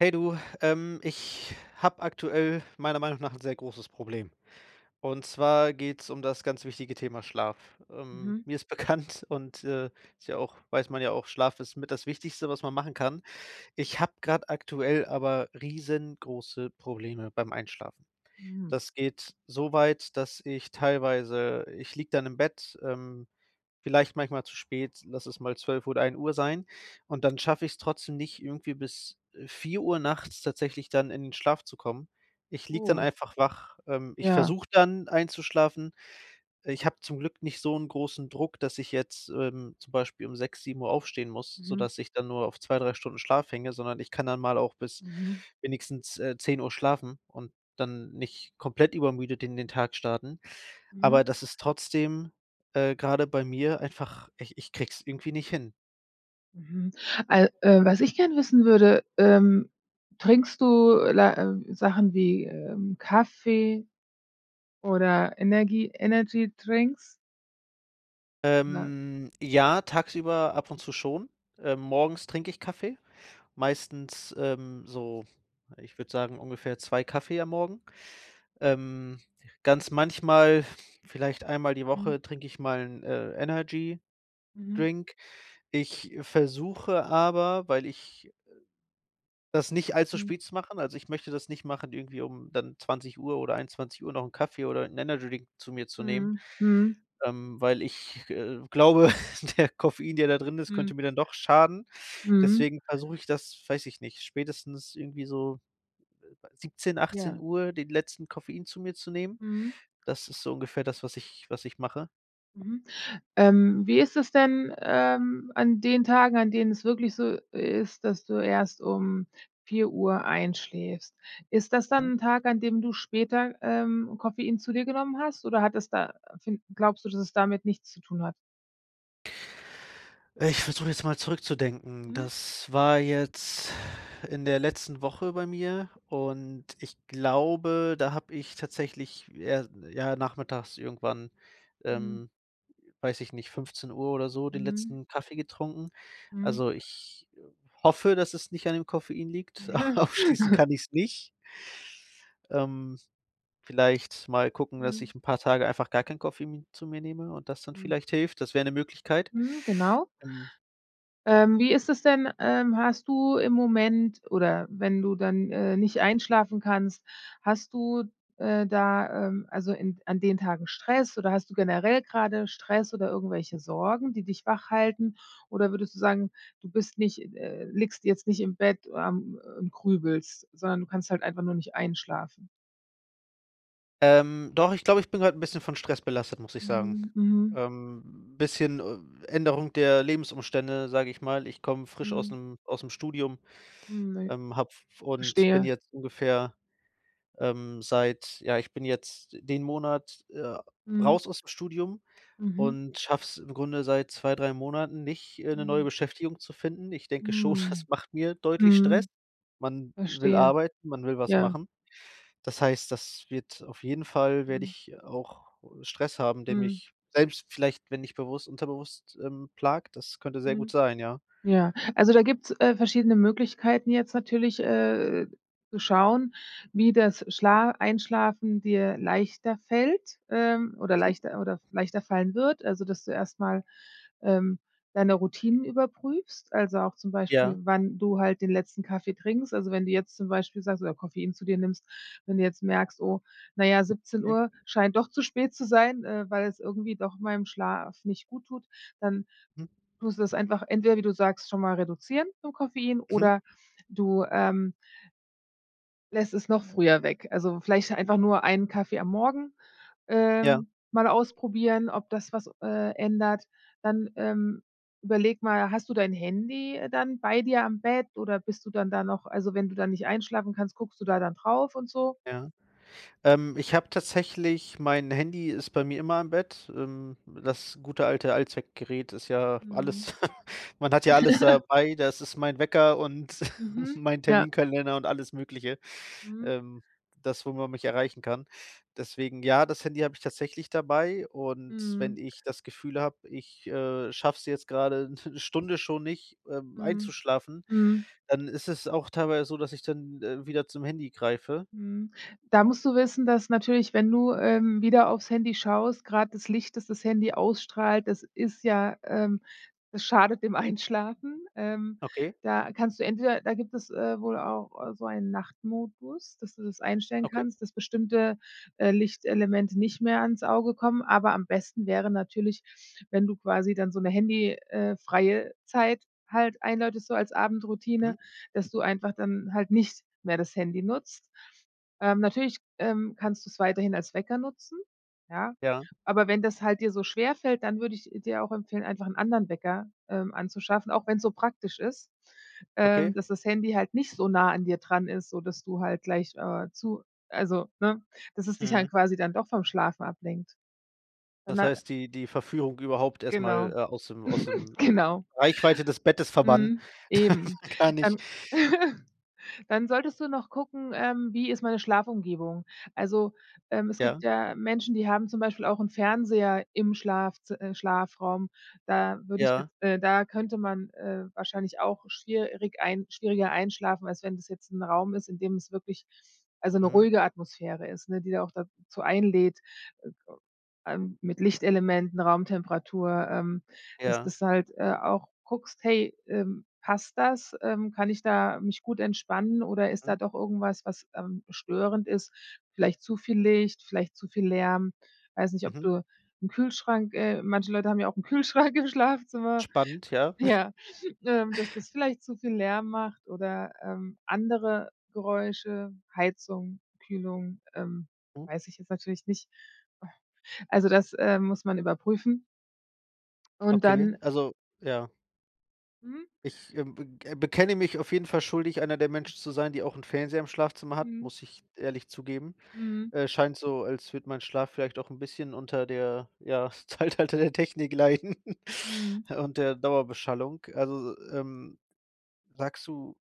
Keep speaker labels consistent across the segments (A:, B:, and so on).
A: Hey du, ähm, ich habe aktuell meiner Meinung nach 'n sehr großes Problem. Und zwar geht's um das ganz wichtige Thema Schlaf. Ähm,
B: Mhm.
A: mir ist bekannt und, äh, ist ja auch weiß man ja auch, Schlaf ist mit das Wichtigste, was man machen kann. Ich habe grad aktuell aber riesengroße Probleme beim Einschlafen.
B: Hm.
A: Das geht so weit, dass ich teilweise ich liege dann im Bett, ähm, vielleicht manchmal zu spät, lass es mal 12:00 oder 1:00 sein, und dann schaffe ich's trotzdem nicht, irgendwie bis, äh, 4:00 nachts tatsächlich dann in den Schlaf zu kommen, ich liege dann
B: Oh.
A: einfach wach. Ähm, ich
B: Ja.
A: versuche dann einzuschlafen. Äh, ich habe zum Glück nicht so 'nen großen Druck, dass ich jetzt, ähm, zum Beispiel um 6:00, 7:00 aufstehen muss,
B: Mhm.
A: sodass ich dann nur auf 2, 3 Stunden Schlaf hänge, sondern ich kann dann mal auch bis
B: Mhm.
A: wenigstens, äh, 10:00 schlafen und dann nicht komplett übermüdet in den Tag starten.
B: Mhm.
A: Aber das ist trotzdem, äh, grade bei mir einfach ich ich kriege es irgendwie nicht hin.
B: Mhm. Äh, äh, was ich gerne wissen würde, ähm, trinkst du, la äh, Sachen wie, ähm, Kaffee oder Energie Energydrinks? Ja.
A: Ähm, ja, tagsüber ab und zu schon. Äh, morgens trinke ich Kaffee, meistens, ähm, so, ich würde sagen, ungefähr 2 Kaffee am Morgen. Ähm, ganz manchmal, vielleicht einmal die
B: Mhm.
A: Woche trinke ich mal 'n, äh, Energydrink.
B: Mhm.
A: Ich versuche aber, weil ich äh, das nicht all zu
B: Mhm.
A: spät zu machen. Also, ich möchte das nicht machen, irgendwie, um dann 20:00 oder 21:00 noch 'n Kaffee oder 'n Energydrink zu mir zu nehmen,
B: Mhm, mhm.
A: ähm, weil ich, äh, glaube, der Koffein, der da drin ist,
B: Mhm.
A: könnte mir dann doch schaden.
B: Mhm.
A: Deswegen versuche ich das, weiß ich nicht, spätestens irgendwie so, äh, 17:00, achtzehn
B: Ja.
A: Uhr den letzten Koffein zu mir zu nehmen.
B: Mhm.
A: Das ist so ungefähr das, was ich was ich mache.
B: Mhm. Ähm, wie ist es denn, ähm, an den Tagen, an denen es wirklich so ist, dass du erst um 4:00 einschläfst. Ist das
A: Mhm.
B: dann 'n Tag, an dem du später, ähm, Koffein zu dir genommen hast oder hat es da glaubst du, dass es damit nichts zu tun hat?
A: Äh, ich versuche jetzt mal zurückzudenken.
B: Mhm.
A: Das war jetzt in der letzten Woche bei mir und ich glaube, da habe ich tatsächlich, ja, ja, nachmittags irgendwann,
B: Mhm.
A: ähm, weiß ich nicht, 15:00 oder so den
B: Mhm.
A: letzten Kaffee getrunken.
B: Mhm.
A: Also, ich, äh, hoffe, dass es nicht an dem Koffein liegt, ausschließen kann ich's nicht. Ähm, vielleicht mal gucken, dass
B: Mhm.
A: ich 'n paar Tage einfach gar keinen Koffein zu mir nehme und das dann
B: Mhm.
A: vielleicht hilft, das wäre 'ne Möglichkeit,
B: Mhm, genau.
A: ähm
B: Ähm, wie ist es denn, ähm, hast du im Moment oder wenn du dann, äh, nicht einschlafen kannst, hast du, äh, da, ähm, also, in an den Tagen Stress oder hast du generell grade Stress oder irgendwelche Sorgen, die dich wachhalten? Oder würdest du sagen, du bist nicht äh, liegst jetzt nicht im Bett, ähm, und grübelst, sondern du kannst halt einfach nur nicht einschlafen?
A: Ähm, doch ich glaube, ich bin grad 'n bisschen von Stress belastet, muss ich sagen.
B: Mhm, mhm.
A: Ähm, bisschen, äh, Änderung der Lebensumstände, sage ich mal. Ich komme frisch aus
B: Mhm.
A: 'nem ausm Studium.
B: Mhm, ne?
A: Ähm, habe f und bin
B: Verstehe.
A: jetzt ungefähr, ähm, seit ja, ich bin jetzt d den Monat, äh,
B: Mhm.
A: raus ausm Studium
B: Mhm.
A: und schaffe es im Grunde seit 2, 3 Monaten nicht,, äh, 'ne neue
B: Mhm.
A: Beschäftigung zu finden. Ich denke schon, das
B: Mhm.
A: macht mir deutlich Stress.
B: Mhm.
A: Man will
B: Verstehe.
A: arbeiten, man will was
B: Ja.
A: machen. Das heißt, das wird auf jeden Fall werde
B: Mhm.
A: ich auch, äh, Stress haben, der
B: Mhm.
A: mich selbst vielleicht, wenn nicht bewusst, unterbewusst, ähm, plagt, das könnte sehr gut
B: Mhm.
A: sein, ja.
B: Ja, also, da gibt's, äh, verschiedene Möglichkeiten jetzt natürlich, äh, zu schauen, wie das Schla Einschlafen dir leichter fällt, ähm, oder
A: Mhm.
B: leichter oder leichter fallen wird. Also, dass du erst mal, ähm, deine Routinen überprüfst, also, auch, zum Beispiel,
A: Ja.
B: wann du halt den letzten Kaffee trinkst. Also, wenn du jetzt zum Beispiel sagst oder Koffein zu dir nimmst. Wenn du jetzt merkst: „Oh, na ja, siebzehn
A: Hm.
B: Uhr scheint doch zu spät zu sein, äh, weil es irgendwie doch meinem Schlaf nicht gut tut“, dann
A: Hm
B: tust du das einfach entweder, wie du sagst, schon mal reduzieren den Koffein
A: Mhm.
B: oder du, ähm lässt es noch früher weg. Also, vielleicht einfach nur einen Kaffee am Morgen,
A: Ja.
B: ähm, mal ausprobieren, ob das was, äh, ändert. Dann, ähm, überlege mal, hast du dein Handy dann bei dir am Bett oder bist du dann da noch also, wenn du dann nicht einschlafen kannst, guckst du da dann drauf und so.
A: Ja. Ähm, ich habe tatsächlich mein Handy ist bei mir immer im Bett. Ähm, das gute alte Allzweckgerät ist ja alles.
B: Mhm.
A: Man hat ja alles dabei, das ist mein Wecker und
B: Mhm,
A: mein
B: ja.
A: Terminkalender und alles Mögliche,
B: Mhm.
A: ähm, das, wo man mich erreichen kann. Deswegen, ja, das Handy habe ich tatsächlich dabei. Und wenn
B: Mhm.
A: ich das Gefühl habe, ich, äh, schaffe es jetzt grade 'ne Stunde schon nicht, ähm,
B: Mhm,
A: einzuschlafen,
B: mhm.
A: dann ist es auch teilweise so, dass ich dann, äh, wieder zum Handy greife.
B: Mhm. Da musst du wissen, dass natürlich, wenn du, ähm, wieder auf's Handy schaust, grad das Licht, das das Handy ausstrahlt, das ist ja, ähm das schadet dem Einschlafen. Ähm,
A: Okay?
B: da kannst du entweder da gibt es, äh, wohl auch so einen Nachtmodus, dass du das einstellen
A: Okay.
B: kannst, dass bestimmte, äh, Lichtelemente nicht mehr ans Auge kommen. Aber am besten wäre natürlich, wenn du quasi dann so 'ne Handy äh, freie Zeit halt einläutest, so als
A: Mhm.
B: Abendroutine, dass du einfach dann halt nicht mehr das Handy nutzt. Ähm, natürlich, ähm, kannst du's weiterhin als Wecker nutzen, ja,
A: Ja.
B: aber wenn das halt dir so schwerfällt, dann würde ich dir auch empfehlen, einfach 'n anderen Wecker, ähm, anzuschaffen, auch wenn's so praktisch ist, ähm,
A: Okay.
B: dass das Handy halt nicht so nah an dir dran ist, so dass du halt gleich, äh, zu also, ne, dass es dich dann
A: Mhm.
B: quasi dann doch vom Schlafen ablenkt.
A: Das
B: [unintelligible]
A: heißt, die die Verführung überhaupt erst mal, äh,
B: Genau.
A: aus dem aus dem, äh,
B: Genau.
A: Reichweite des Bettes verbannen,
B: Mhm, eben,
A: dann kann ich
B: dann dann solltest du noch gucken, ähm, wie ist meine Schlafumgebung? Also, ähm, es
A: Ja.
B: gibt ja Menschen, die haben zum Beispiel auch 'n Fernseher im Schlafzi äh, Schlafraum. Da würde ich
A: Ja.
B: jetzt äh, da könnte man, äh, wahrscheinlich auch schwierig ein schwieriger einschlafen, als wenn das jetzt 'n Raum ist, in dem es wirklich, also, 'ne
A: Mhm.
B: ruhige Atmosphäre ist, ne, die da auch dazu einlädt, äh, ähm, mit Lichtelementen, Raumtemperatur, ähm, dass
A: Ja.
B: das halt, äh, auch guckst: „Hey, ähm, passt das? Ähm, kann ich da mich gut entspannen oder ist
A: Mhm.
B: da doch irgendwas, was, ähm, störend ist?“ Vielleicht zu viel Licht, vielleicht zu viel Lärm, weiß nicht, ob
A: Mhm.
B: du 'n Kühlschrank äh, manche Leute haben ja auch 'n Kühlschrank im Schlafzimmer,
A: Spannend, ja.
B: ja, ähm, dass das vielleicht zu viel Lärm macht oder, ähm, andere Geräusche, Heizung, Kühlung, ähm,
A: Hm.
B: weiß ich jetzt natürlich nicht. Also, das, äh, muss man überprüfen. Und
A: Okay,
B: dann
A: also ja.
B: Mhm.
A: Ich, ähm, be äh, bekenne mich auf jeden Fall schuldig, einer der Menschen zu sein, die auch 'n Fernseher im Schlafzimmer hat,
B: Mhm.
A: muss ich ehrlich zugeben.
B: Mhm.
A: Äh, scheint so, als würde mein Schlaf vielleicht auch 'n bisschen unter der, ja, Zeitalter der Technik leiden
B: Mhm.
A: und der Dauerbeschallung. Also, ähm, sagst du,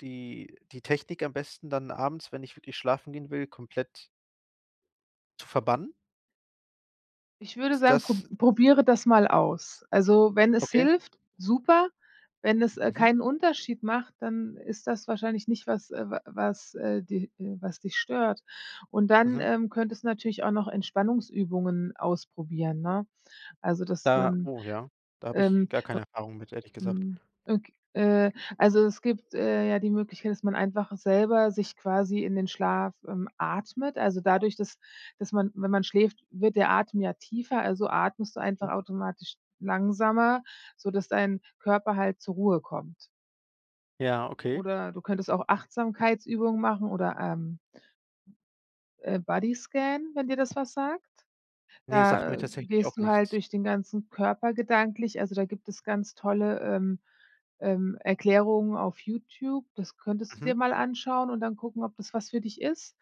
A: die die Technik am besten dann abends, wenn ich wirklich schlafen gehen will, komplett zu verbannen?
B: Ich würde
A: Ist
B: sagen, pro
A: das
B: probiere das mal aus. Also, wenn es
A: Okay.
B: hilft, super, wenn es, äh,
A: Mhm.
B: keinen Unterschied macht, dann ist das wahrscheinlich nicht was, äh, wa was, äh, di äh, was dich stört. Und dann,
A: Mhm.
B: ähm, könntest du natürlich auch noch Entspannungsübungen ausprobieren, ne? Also, das du
A: Da
B: dann,
A: oh ja, da habe ich
B: ähm,
A: gar
B: u
A: keine Erfahrung mit, ehrlich gesagt.
B: mhm. Ok äh, also, es gibt, äh, ja die Möglichkeit, dass man einfach selber sich quasi in den Schlaf, ähm, atmet. Also, dadurch, dass dass man wenn man schläft, wird der Atem ja tiefer, also, atmest du einfach
A: Mhm.
B: automatisch langsamer, sodass dein Körper halt zur Ruhe kommt.
A: Ja, okay.
B: Oder du könntest auch Achtsamkeitsübungen machen oder, ähm, äh, Bodyscan, wenn dir das was sagt.
A: Ne, sagt mir
B: Da
A: tatsächlich auch
B: gehst du halt
A: nichts.
B: durch den ganzen Körper gedanklich, also, da gibt es ganz tolle, ähm, ähm, Erklärungen auf YouTube. Das könntest du
A: Mhm.
B: dir mal anschauen und dann gucken, ob das was für dich ist.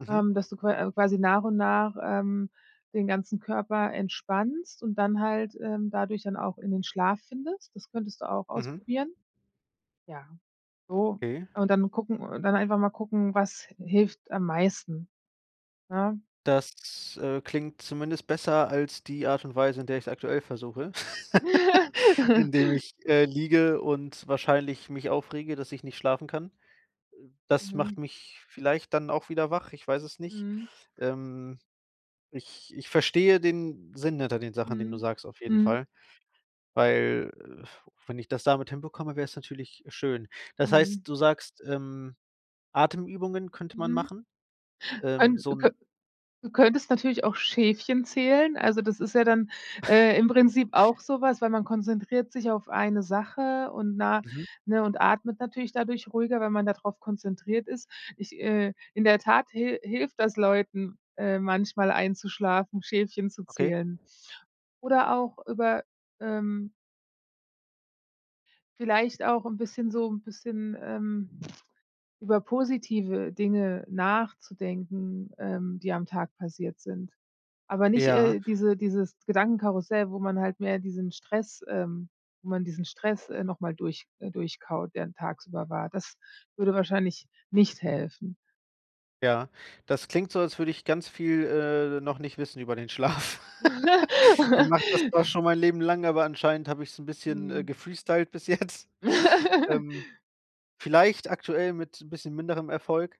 A: Mhm.
B: Ähm, dass du qua äh, quasi nach und nach, ähm, den ganzen Körper entspannst und dann halt, ähm, dadurch dann auch in den Schlaf findest. Das könntest du auch
A: Mhm.
B: ausprobieren. Ja, so.
A: Okay.
B: Und dann gucken und dann einfach mal gucken, was hilft am meisten, ne?
A: Das, äh, klingt zumindest besser als die Art und Weise, in der ich's aktuell versuche, indem ich, äh, liege und wahrscheinlich mich aufrege, dass ich nicht schlafen kann. Äh, das
B: Mhm.
A: macht mich vielleicht dann auch wieder wach, ich weiß es nicht.
B: Mhm.
A: Ähm, ich ich verstehe den Sinn hinter den Sachen, den du
B: Mhm,
A: sagst auf jeden
B: mhm.
A: Fall, weil, äh, wenn ich das damit hinbekomme, wäre es natürlich schön. Das
B: Mhm.
A: heißt, du sagst, ähm: „Atemübungen könnte man
B: Mhm.
A: machen.“ Ähm,
B: Kön
A: so
B: du kö
A: 'n
B: du könntest natürlich auch Schäfchen zählen. Also, das ist ja dann, äh, im Prinzip auch so was, weil man konzentriert sich auf eine Sache und nach
A: Mhm.
B: ne, und atmet natürlich dadurch ruhiger, wenn man da drauf konzentriert ist. Ich, äh in der Tat hil hilft das Leuten, äh, manchmal einzuschlafen, Schäfchen zu
A: Okay.
B: zählen. Oder auch über, ähm vielleicht auch 'n bisschen so 'n bisschen, ähm, über positive Dinge nachzudenken, ähm, die am Tag passiert sind. Aber nicht,
A: Ja.
B: äh, diese dieses Gedankenkarussell, wo man halt mehr diesen Stress, ähm wo man diesen Stress, äh, noch mal durch äh, durchkaut, der tagsüber war, das würde wahrscheinlich nicht helfen.
A: Ja, das klingt so, als würde ich ganz viel, äh, noch nicht wissen über den Schlaf. Ich mache das doch schon mein Leben lang, aber anscheinend habe ich's 'n bisschen, äh,
B: Mhm.
A: gefreestylt bis jetzt. Ähm, vielleicht aktuell mit 'n bisschen minderem Erfolg,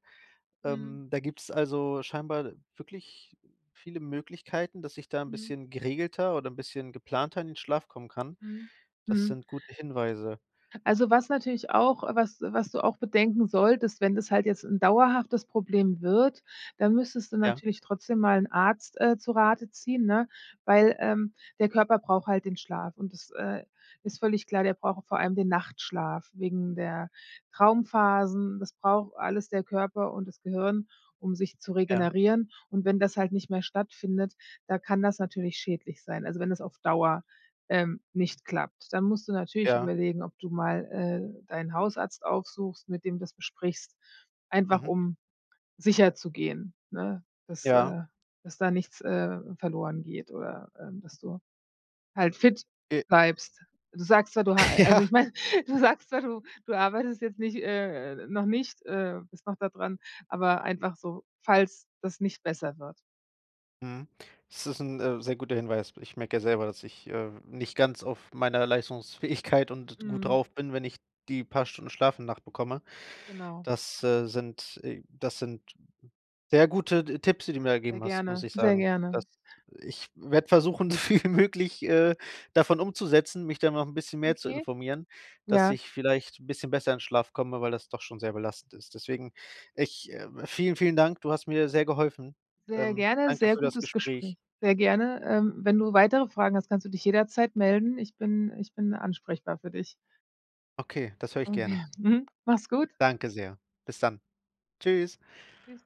B: Mhm.
A: ähm, da gibt's, also, scheinbar wirklich viele Möglichkeiten, dass ich da 'n
B: Mhm.
A: bisschen geregelter oder 'n bisschen geplanter in den Schlaf kommen kann.
B: Mhm,
A: Das
B: mhm.
A: sind gute Hinweise.
B: Also, was natürlich auch was was du auch bedenken solltest, wenn das halt jetzt 'n dauerhaftes Problem wird, dann müsstest du
A: Ja.
B: natürlich trotzdem mal 'n Arzt, äh, zu Rate ziehen, ne, weil, ähm, der Körper braucht halt den Schlaf und das, äh, ist völlig klar, der braucht vor allem den Nachtschlaf wegen der Traumphasen. Das braucht alles der Körper und das Gehirn, um sich zu
A: Ja.
B: regenerieren. Und wenn das halt nicht mehr stattfindet, da kann das natürlich schädlich sein. Also, wenn es auf Dauer, ähm, nicht klappt. Dann musst du natürlich
A: Ja.
B: überlegen, ob du mal, äh, deinen Hausarzt aufsuchst, mit dem du das besprichst, einfach
A: Mhm.
B: um sicherzugehen, ne, dass,
A: Ja.
B: äh dass da nichts, äh, verloren geht oder, ähm, dass du halt fit
A: Okay.
B: bleibst. Du sagst zwar, du ha also,
A: Ja.
B: ich meine, du sagst ja, du du arbeitest jetzt nicht, äh noch nicht, äh bist noch da dran, aber einfach so, falls das nicht besser wird.
A: Mhm. Es ist 'n, äh, sehr guter Hinweis. Ich merke ja selber, dass ich, äh, nicht ganz auf meiner Leistungsfähigkeit und gut
B: Mhm.
A: drauf bin, wenn ich die paar Stunden Schlaf in der Nacht bekomme.
B: Genau.
A: Das, äh, sind, äh das sind sehr gute T Tipps, die du mir da
B: Sehr
A: gegeben hast, muss
B: gerne,
A: ich
B: sehr
A: sagen. Das
B: gerne.
A: ich werde versuchen, so viel wie möglich, äh, davon umzusetzen, mich da noch 'n bisschen mehr zu
B: Okay.
A: informieren, dass
B: Ja.
A: ich vielleicht 'n bisschen besser in Schlaf komme, weil das doch schon sehr belastend ist. Deswegen ich, äh vielen vielen Dank. Du hast mir sehr geholfen.
B: Sehr
A: Ähm,
B: gerne,
A: Danke
B: sehr
A: für das
B: gutes
A: Gespräch.
B: Gespräch. Sehr gerne, ähm, wenn du weitere Fragen hast, kannst du dich jederzeit melden. Ich bin ich bin ansprechbar für dich.
A: Okay, das höre ich gerne.
B: Okay, mhm, mach's gut.
A: Danke sehr. Bis dann. Tschüss.
B: Tschüss.